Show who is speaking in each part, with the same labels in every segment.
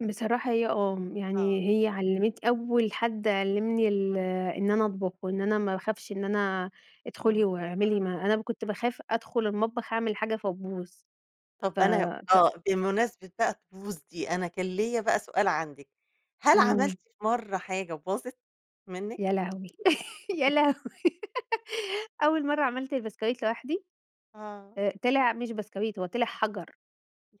Speaker 1: بصراحة هي آه،
Speaker 2: آه.
Speaker 1: يعني هي علّمت أول حد علّمني ال إن أنا أطبخ وإن أنا ما اخافش إن أنا ادخلي
Speaker 2: إمم.
Speaker 1: واعملي، ما أنا كنت باخاف أدخل المطبخ أعمل حاجة فتبوظ، ف
Speaker 2: طب أنا
Speaker 1: ف
Speaker 2: آه، بمناسبة بقى الطقوس دي، أنا كان ليّا بقى سؤال عندِك، هل
Speaker 1: امم.
Speaker 2: عملتِ في مرة حاجة وباظت منِّك؟
Speaker 1: يا لهوي يا
Speaker 2: [unintelligible]
Speaker 1: لهوي أول مرّه عملت البسكويت لوحدي
Speaker 2: آه.
Speaker 1: آآ، طلع مش بسكويت هو طلع حجَر.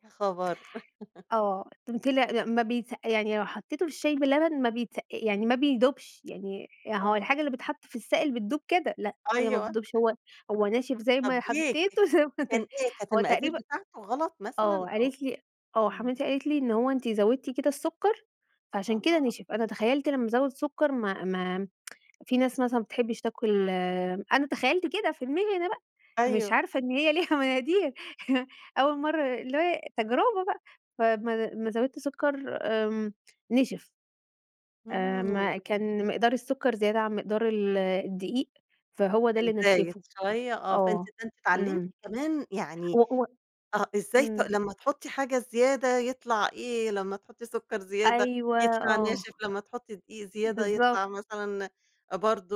Speaker 2: يا خبر!
Speaker 1: آه، ط طلع ما ما بيتس يعني لو حطيته في الشاي باللبن ما بيتسقا يعني ما بيدوبش، يعني هو
Speaker 2: آه.
Speaker 1: الحاجة اللي بيتحط في السائل بتدوب كده، لأ هي ما
Speaker 2: أيوه.
Speaker 1: بتدوبش هو هو ناشف زي
Speaker 2: طَب
Speaker 1: ما
Speaker 2: ليه؟ [unintelligible]
Speaker 1: حطيته زي ما
Speaker 2: كان
Speaker 1: طلع
Speaker 2: إيه كانت
Speaker 1: هو
Speaker 2: المقادير
Speaker 1: تقريبًا
Speaker 2: بتاعتُه غلط مثلًا؟
Speaker 1: آه
Speaker 2: أو
Speaker 1: قالت لي آه
Speaker 2: امم.
Speaker 1: حماتي قالت لي إن هو أنتِ زودتِ كده السكر فعشان كده
Speaker 2: آه.
Speaker 1: ِنِشف، أنا تخيلت لما أزوّد سكر ما ما في ناس مثلًا ما بتحبش تاكل أنا تخيّلت كده في دماغي أنا بقى، مش
Speaker 2: أيوه.
Speaker 1: عارفة إن هي ليها مقادير، أول مرّه اللي هو تجربة بقى، فامّا لما زوّدت سكر، آمم نِشِف. آآ،
Speaker 2: امم.
Speaker 1: ما كان مقدار السكر زيادة عن مقدار ال الدقيق، فهو ده
Speaker 2: كان
Speaker 1: اللي
Speaker 2: زايد
Speaker 1: نشِّفُه،
Speaker 2: شوية، آه، فأنتِ
Speaker 1: آه،
Speaker 2: فأنتِ اتعلمتِ
Speaker 1: إمم.
Speaker 2: كمان يعني
Speaker 1: و و
Speaker 2: آه، إزاي ت
Speaker 1: إمم.
Speaker 2: لمّا تحطي حاجة زيادة يطلع إيه، لمّا تحطي سكر زيادة
Speaker 1: أيوه،
Speaker 2: يطلع
Speaker 1: آه.
Speaker 2: ناشف، لمّا تحطي دقيق زيادة
Speaker 1: بالضبط.
Speaker 2: يطلع مثلًا برضه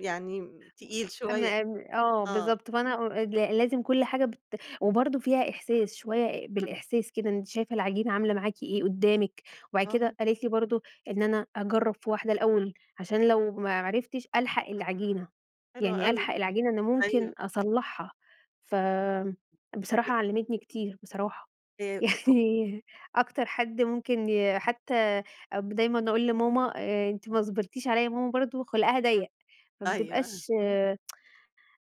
Speaker 2: يعني تقيل
Speaker 1: [unintelligible]
Speaker 2: شوية
Speaker 1: امّا ام آه،
Speaker 2: آه.
Speaker 1: بالضبط فأنا أ ل لازم كل حاجة بت وبرضه فيها إحساس شوية بالإحساس كده، أنتِ شايفة العجينة عاملة معاكِ إيه، قدّامِك وبعد
Speaker 2: آه.
Speaker 1: كده قالت لي برضه إن أنا أجرّب في واحدة الأول، عشان لو ما عرفتش، ألحق العجينة،
Speaker 2: حلوة
Speaker 1: يعني
Speaker 2: أوي،
Speaker 1: ألحق العجينة إن ممكن
Speaker 2: أيوه.
Speaker 1: أصلّحها ف
Speaker 2: ي
Speaker 1: بصراحة علّمتني كتير بصراحة،
Speaker 2: آآ، أ أ
Speaker 1: يعني أكتر حد ممكن ي حتى أب دايمًا أقول لماما أنتِ ما صبرتيش عليَّ، ماما برضه خُلقها ضيق فما
Speaker 2: أيوه،
Speaker 1: بتبقاش
Speaker 2: اهم.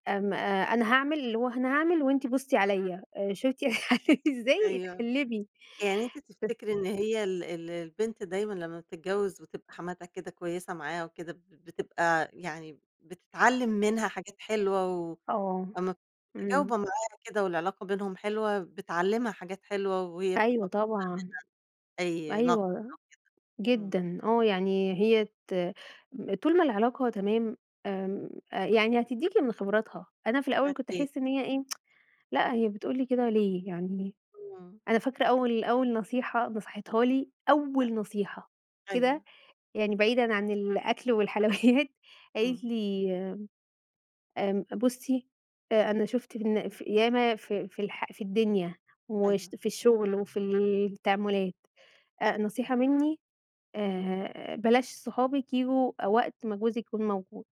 Speaker 1: أم أ أنا هاعمل اللي هو أنا هاعمل وأنتِ بُصّي عليَّ آآ شُفتِ أنا باعمل ازاي؟
Speaker 2: أيوه،
Speaker 1: اتعلّمي
Speaker 2: يعني أنتِ تفتكري إن
Speaker 1: [unintelligible]
Speaker 2: هي ال ال البنت دايمًا لمّا بتتجوز وتبقى حماتها كده كويسة معاها وكده، بتب بتبقى يعني بتتعلّم منها حاجات حلوة،
Speaker 1: آه،
Speaker 2: وامّا [unintelligible]
Speaker 1: إمم.
Speaker 2: متجاوبة معاها كده والعلاقة بينهم حلوة، بتعلِّمها حاجات حلوة وهي
Speaker 1: أيوه
Speaker 2: بتتقبّل
Speaker 1: طبعًا،
Speaker 2: منها أي نقد أو
Speaker 1: أيوه
Speaker 2: كده، امم.
Speaker 1: جدًا، آه يعني هي ت طول ما العلاقة تمام، آمم، أ يعني هتديكِ من خبراتها، أنا في الأول كنت
Speaker 2: أكيد.
Speaker 1: أحس إن هي إيه لأ هي بتقول لي كده ليه، يعني
Speaker 2: امم.
Speaker 1: أنا فاكرة أول أول نصيحة نصحِتها لي،
Speaker 2: أ
Speaker 1: أول نصيحة كده،
Speaker 2: أيوه.
Speaker 1: يعني بعيدًا عن الأكل والحلويات، قالت
Speaker 2: إمم.
Speaker 1: لي آمم، بُصّي، أ أنا شُفت في الن في ياما في في الح في الدنيا وش
Speaker 2: أيوه.
Speaker 1: في الشغل وفي التعاملات، أ نصيحة مني
Speaker 2: اهم.
Speaker 1: آآ، بلاش صحابِك ييجوا وقت ما جوزِك يكون موجود.